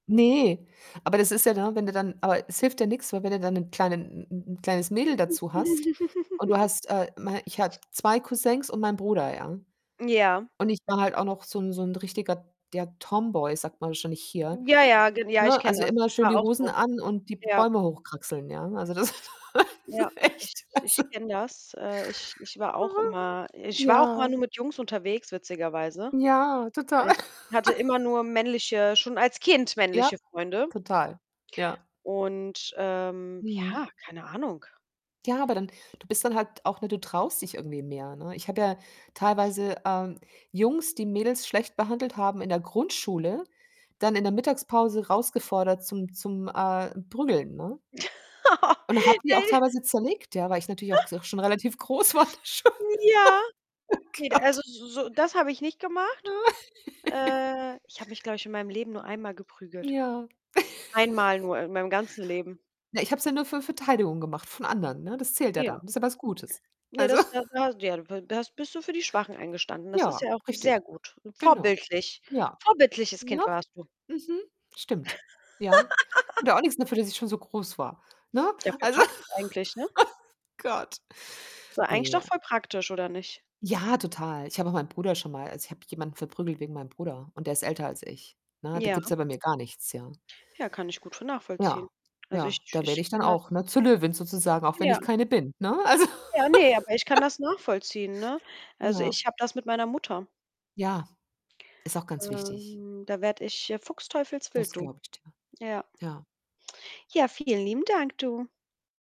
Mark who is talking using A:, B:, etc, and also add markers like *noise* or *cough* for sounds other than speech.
A: Ne, aber das ist ja, ne, wenn du dann aber es hilft ja nix, weil wenn du dann 'nen kleinen 'n 'n 'n kleines Mädel dazu hast und du
B: *chuckles*
A: hast, äh, mein ich habe 2 Cousins und meinen Bruder, ja?
B: Ja.
A: Und ich war halt auch noch so 'n so 'n richtiger, ja, Tomboy sagt man wahrscheinlich hier,
B: Ja, ja, gen ja, ich
A: ne?
B: kenne
A: Also,
B: das.
A: immer
B: Ich
A: schön
B: war
A: die
B: auch
A: Hosen
B: so.
A: an und die
B: Ja.
A: Bäume hochkraxeln, ja? Also, das
B: Ja,
A: *laughs*
B: ich
A: echt,
B: ich
A: also
B: kenne das. Äh, ich ich war auch
A: Mhm,
B: immer ich war auch immer
A: ja.
B: nur mit Jungs unterwegs witzigerweise.
A: Ja, total.
B: Äh, ich hatte
A: *laughs*
B: immer nur männliche schon als Kind
A: Ja,
B: männliche Freunde.
A: total. Ja.
B: Und, ähm,
A: Mhm.
B: ja, keine Ahnung.
A: Ja, aber dann du bist dann halt auch, ne, du traust dich irgendwie mehr, ne? Ich habe ja teilweise, ähm, Jungs, die Mädels schlecht behandelt haben, in der Grundschule dann in der Mittagspause rausgefordert zum zum, äh, Prügeln, ne?
B: *laughs*
A: Und habe die
B: Ne.
A: auch teilweise zerlegt, ja, weil ich natürlich auch
B: *chuckles*
A: g schon relativ groß war da schon. *laughs*
B: Ja.
A: Oh
B: Ne, d
A: Gott.
B: also, s so das habe ich nicht gemacht.
A: Ah. *giggles*
B: Äh, ich habe mich, glaube ich, in meinem Leben nur einmal geprügelt.
A: Ja.
B: Einmal
A: *chuckles*
B: nur in meinem ganzen Leben.
A: Na, ich habe es ja nur für Verteidigung gemacht von anderen, ne? Das zählt ja
B: Ja.
A: dann, ist ja was Gutes.
B: Ja,
A: Also
B: das
A: *chuckles*
B: *unintelligible* da hast bist du für die Schwachen eingestanden. Das ist
A: Ja,
B: ja auch sehr
A: richtig,
B: gut.
A: genau.
B: Vorbildlich,
A: Ja,
B: vorbildliches Kind
A: ne?
B: warst du.
A: Mhm, stimmt, ja.
B: *laughs*
A: Konnte auch nix dafür, dass ich schon so groß war, ne?
B: Ja, voll
A: Also, oh
B: praktisch eigentlich, ne?
A: Gott,
B: Es war eigentlich doch
A: ne.
B: voll praktisch oder nicht?
A: Ja, total. Ich habe auch meinen Bruder schon mal also, ich habe jemanden verprügelt wegen meinem Bruder und der ist älter als ich, ne? Da gibt's
B: Ja.
A: ja bei mir gar nichts, ja?
B: Ja, kann ich gut vo nachvollziehen.
A: Ja,
B: Also,
A: ja,
B: ich
A: da
B: ich
A: werde ich dann
B: kenne das
A: auch, ne, zur Löwin sozusagen, auch wenn
B: Ja.
A: ich keine bin, ne? Also.
B: Ja, ne, aber ich kann
A: *laughs*
B: das nachvollziehen, ne? Also,
A: Na.
B: ich habe das mit meiner Mutter.
A: Ja, ist auch ganz wichtig.
B: Ähm, da werde ich, äh, Fuchsteufelswild
A: Das
B: du.
A: glaube ich dir,
B: Ja.
A: ja.
B: Ja, vielen lieben Dank du.